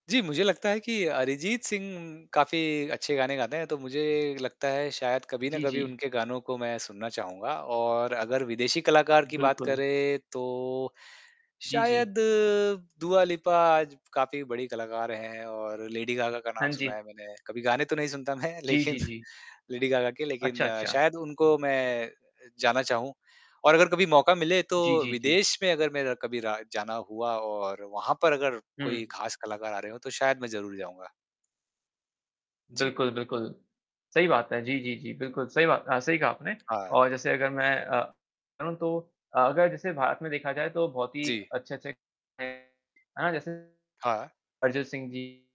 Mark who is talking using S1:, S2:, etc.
S1: जी, मुझे लगता है कि अरिजीत सिंह काफ़ी अच्छे गाने गाते हैं, तो मुझे लगता है शायद कभी ना
S2: जी,
S1: कभी
S2: जी।
S1: उनके गानों को मैं सुनना चाहूँगा और अगर विदेशी कलाकार की बात
S2: बिल्कुल।
S1: करें, तो
S2: जी, जी।
S1: शायद दुआ लिपा आज काफ़ी बड़ी कलाकार हैं और लेडी गागा का नाम
S2: हाँ जी।
S1: सुना है मैंने। कभी गाने तो नहीं सुनता मैं
S2: जी,
S1: लेक़िन
S2: जी, जी।
S1: लेडी गागा के,
S2: अच्छा,
S1: लेक़िन
S2: अच्छा।
S1: शायद उनको मैं अ, जाना चाहूँ। और अगर कभी मौका मिले तो
S2: जी, जी, जी।
S1: विदेश में अगर मेरा कभी रहा जाना हुआ और वहाँ पर अगर कोई
S2: हुँ।
S1: ख़ास कलाकार आ रहे हो, तो शायद मैं ज़रूर जाऊँगा। जी।
S2: बिल्कुल, बिल्कुल, सही बात है। जी, जी, जी, बिल्कुल सही बात अ, सही कहा आपने।
S1: हाँ।
S2: और जैसे अगर मैं अ, कहूँ तो अ, अगर जैसे भारत में देखा जाए तो बहुत ही
S1: जी।
S2: अच्छे-अच्छे हैं, है ना, जैसे
S1: हाँ।
S2: अरिजीत सिंह जी।